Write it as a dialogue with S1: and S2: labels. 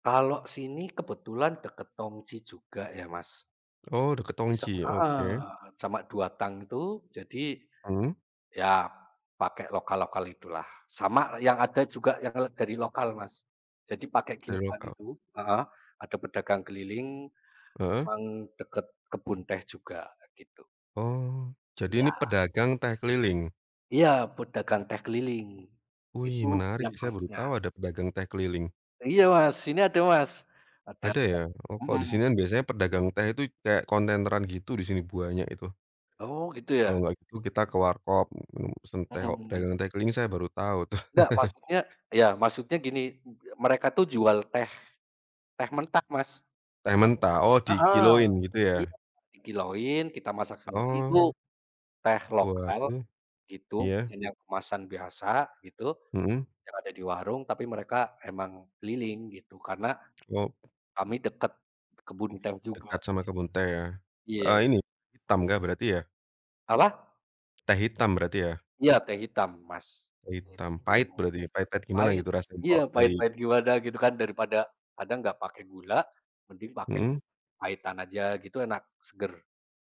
S1: Kalau sini kebetulan dekat Tongji juga ya Mas.
S2: Oh, dekat Tongji
S1: Isap
S2: ya? Oke.
S1: heeh, sama 2 Tang itu jadi,
S2: Mmm.
S1: ya pakai lokal-lokal itulah. Sama yang ada juga yang, eee, dari lokal Mas. Jadi pakai
S2: Dari
S1: kiloan
S2: lokal.
S1: itu, heeh, ada pedagang keliling
S2: Heeh.
S1: emang dekat kebun teh juga, gitu.
S2: Oh, jadi ini
S1: Iya.
S2: pedagang teh keliling?
S1: Iya, pedagang teh keliling.
S2: Wih
S1: Itu
S2: menarik,
S1: yang
S2: saya baru
S1: khasnya.
S2: tahu ada pedagang teh keliling.
S1: Iya Mas, sini ada Mas. Ada
S2: Ada ya?
S1: peda
S2: Oh kalau di sini
S1: mhm.
S2: kan biasanya pedagang teh itu kayak kontaineran gitu, di sini banyak itu.
S1: Oh, gitu
S2: Kalau
S1: ya.
S2: enggak gitu kita ke warkop, me pesen teh o
S1: Mhm
S2: pedagang
S1: mhm.
S2: teh keliling saya baru tahu tuh.
S1: Ndak, maksudnya ya maksudnya gini, [unintelligible] mereka tuh jual teh teh mentah Mas.
S2: Teh mentah, oh
S1: Heeh,
S2: dikiloin gitu ya?
S1: iya dikiloin, kita masak sendiri itu
S2: Oh.
S1: teh
S2: Buat
S1: lokal,
S2: hmm,
S1: gitu,
S2: iya.
S1: dan yang kemasan biasa, gitu,
S2: Mhm.
S1: yang ada di warung, tapi mereka emang keliling, gitu. Karena,
S2: Wow!
S1: kami dekat kebun teh juga.
S2: Dekat sama kebun teh ya?
S1: git
S2: Eh
S1: iya.
S2: ini, hitam kah berarti ya?
S1: Apa?
S2: Teh hitam berarti ya?
S1: Iya teh hitam Mas,
S2: Teh hitam, pahit
S1: itu.
S2: berarti. Pahit-pahit gimana
S1: Pahit,
S2: gitu rasanya
S1: iya
S2: kalau dari
S1: pahit-pahit
S2: gunung
S1: gimana,
S2: teh.
S1: gitu kan, daripada kadang nggak pakai gula mending pakai
S2: Mhm.
S1: pahitan aja, gitu. Enak, seger.